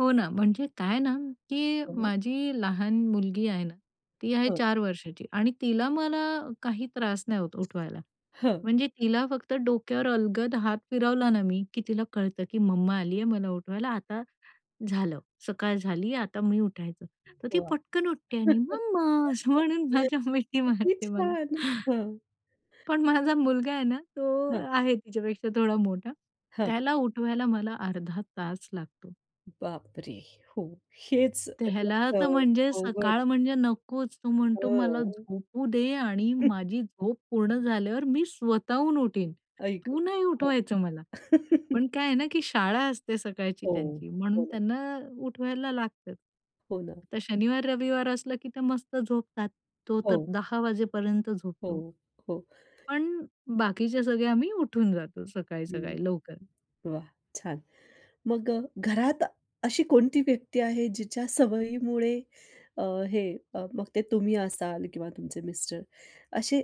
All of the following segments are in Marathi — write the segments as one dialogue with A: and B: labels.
A: हो ना, म्हणजे काय ना की
B: हं.
A: माझी लहान मुलगी आहे ना, ती आहे
B: हो.
A: 4 वर्षाची आणि तिला मला काही त्रास नाही होत उठवायला.
B: हां.
A: म्हणजे तिला फक्त डोक्यावर अलगद हात फिरवला ना मी की तिला कळतं की मम्मा आलीये मला उठवायला. आता झालं, सकाळ झाली, आता मी उठायच,
B: [unintelligible]
A: तर ती पटकन उठते आणि "मम्मा" असं म्हणून माझ्या मिठी
B: किती
A: मारते मला.
B: छान! हं.
A: पण माझा मुलगा आहे ना तो
B: हां.
A: आहे तिच्यापेक्षा थोडा मोठा
B: हां.
A: त्याला उठवायला मला अर्धा तास लागतो.
B: बापरे! हो, हेच
A: त्याला तर
B: [unintelligible]
A: म्हणजे सकाळ
B: अवघड.
A: म्हणजे नकोच, तो म्हणतो, "मला
B: हां.
A: झोपू दे आणि माझी झोप पूर्ण झाल्यावर मी स्वतःहून उठीन,
B: आई गं!
A: तू नाही
B: हां.
A: उठवायचं मला." पण काय आहे ना की शाळा असते सकाळची
B: हो,
A: त्यांची, म्हणून
B: हो ना.
A: त्यांना उठवायला लागत.
B: हो ना.
A: आता शनिवार, रविवार असलं की त्या मस्त झोपतात. तो तर
B: हो.
A: 10:00 वाजेपर्यंत
B: हो,
A: झोपतो.
B: हो.
A: पण बाकीचे सगळे आम्ही उठून जातो
B: हं,
A: सकाळी-सकाळी लवकर.
B: वा छान! मग अ, घरात अशी कोणती व्यक्ती आहे, जिच्या सवयीमुळे अ, हे, मग ते तुम्ही असाल किंवा तुमचे मिस्टर, असे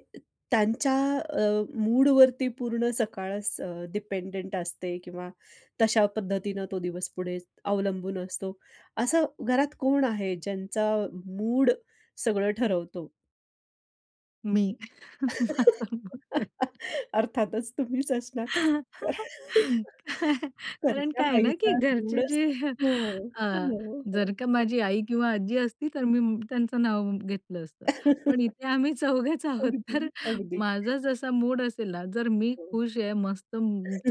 B: त्यांच्या अ, मूडवरती पूर्ण सकाळच अ, डिपेंडेंट असते? किंवा तशा पद्धतीनं तो दिवस पुढे अवलंबून असतो, असं घरात कोण आहे, ज्यांचा मूड सगळं ठरवतो?
A: मी माझा मूड आहे.
B: अर्थातच तुम्हीच असणार.
A: कारण
B: कर्त्या
A: काय आहे ना की
B: बाईचा
A: घरचे
B: मुडच
A: जे
B: हो,
A: अ,
B: हो, हो, हो.
A: जर का माझी आई किंवा आजी असती, तर मी त्यांचं नाव घेतलं असतं. पण इथे आम्ही चौघेच आहोत
B: अगदी,
A: तर
B: अगदी.
A: माझा जसा मूड असेल ना जर मी
B: हं.
A: खुश आहे, मस्त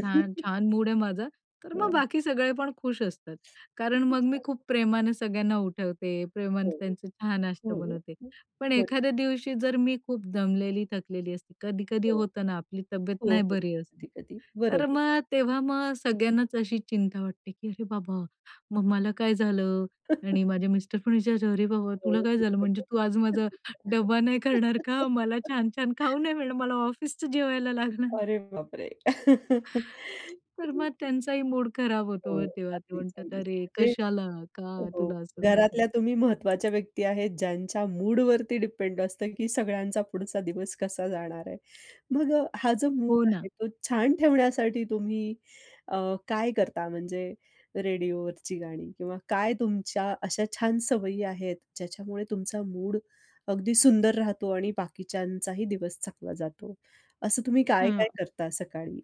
A: छान, छान मूड आहे माझा, तर मग
B: हां.
A: बाकी सगळे पण खुश असतात. कारण
B: किती
A: मग मी
B: छान.
A: खूप प्रेमाने सगळ्यांना उठवते, प्रेमाने
B: हो,
A: त्यांचे चहा-नाश्ता
B: हो, हो.
A: बनवते. पण
B: होय.
A: एखाद्या दिवशी जर मी खूप दमलेली थकलेली असते, कधी-कधी
B: हो.
A: होतं ना आपली तब्येत
B: हो,
A: नाही
B: हो.
A: बरी असत.
B: कधी-कधी.
A: तर
B: बरोबर.
A: मग तेव्हा मग सगळ्यांनाच अशी चिंता वाटते की "अरे बाबा! मम्माला काय झालं?" आणि माझ्या मिस्टर पण विचारता "अरे बाबा! तुला
B: हो
A: काय झालं? म्हणजे तू आज माझा
B: [unintelligible]
A: डब्बा नाही करणार का? मला छान-छान खाऊ नाही मिळणार, मला ऑफिसचं जेवायला लागणार?"
B: अरे बाप रे!
A: तर मग
B: [unintelligible]
A: त्यांचाही मूड खराब होतो
B: हो.
A: मग तेव्हा ते
B: अगदीच,
A: म्हणतात
B: अगदीच.
A: "अरे!
B: म्हणजे
A: कशाला? का
B: हो.
A: तुला असं झालंय?"
B: घरातल्या तुम्ही महत्वाच्या व्यक्ती आहेत ज्यांच्या मूडवरती डिपेंड असतं की सगळ्यांचा पुढचा दिवस कसा जाणार आहे. मग अ, हा जो मूड
A: हो
B: आहे
A: ना.
B: तो छान ठेवण्यासाठी तुम्ही अ, काय करता? म्हणजे रेडिओवरची गाणी किंवा काय तुमच्या अशा छान सवयी आहेत, ज्याच्यामुळे तुमचा मूड अगदी सुंदर राहतो आणि बाकीच्यांचाही दिवस चांगला जातो. असं तुम्ही काय-काय
A: हां.
B: करता सकाळी?